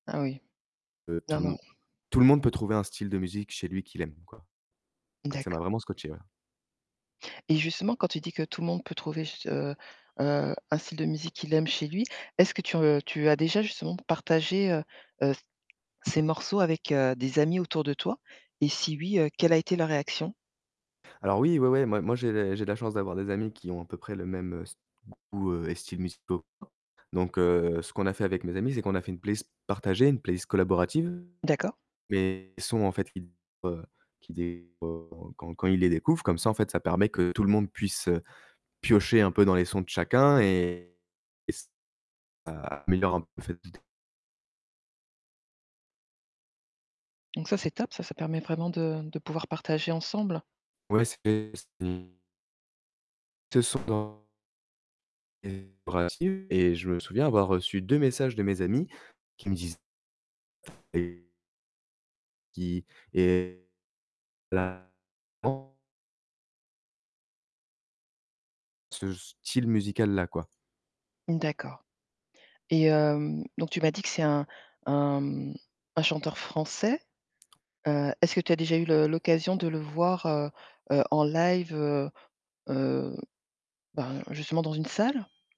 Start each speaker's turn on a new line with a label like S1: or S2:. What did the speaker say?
S1: Ah oui.
S2: Heu, tout
S1: Non,
S2: le
S1: non.
S2: monde tout le monde peut trouver un style de musique chez lui qu'il aime, quoi. Donc ça m'a
S1: D'accord.
S2: vraiment scotché, ouais.
S1: Et justement quand tu dis que tout le monde peut trouver, ce heu, un style de musique qu'il aime chez lui, est-ce que tu, heu, tu as déjà justement p partagé, heu, heu, c ces morceaux avec, heu, des amis autour de toi et si oui, heu, quelle a été leur réaction?
S2: Alors oui, ouais, ouais, moi moi j'ai les j'ai la chance d'avoir des amis qui ont à peu près le même st goût et styles musicaux que moi. Donc heu, ce qu'on a fait avec mes amis, c'est qu'on a fait une playlist partagée, une playlist collaborative.
S1: D'accord.
S2: Mes sons, en fait, qui qui [unintelligible] quand quand ils les découvrent comme ça, en fait, ça permet que tout le monde puisse, heu, piocher un peu dans les sons de chacun et et ç ça améliore un peu [unintelligible]
S1: Donc ça c'est top, ça, ça permet vraiment de de pouvoir partager ensemble.
S2: Ouais, c'est c'est Ce sont dans et [unintelligible] et je me souviens avoir reçu 2 messages de mes amis qui me disent et qui est la [unintelligible] ce style musical-là, quoi.
S1: D'accord. Et hem, donc tu m'as dit que c'est un un, mmh, un chanteur français, heu, est-ce que tu as déjà eu le l'occasion de le voir, heu, heu, en live, heu, heu, ben, justement dans une salle?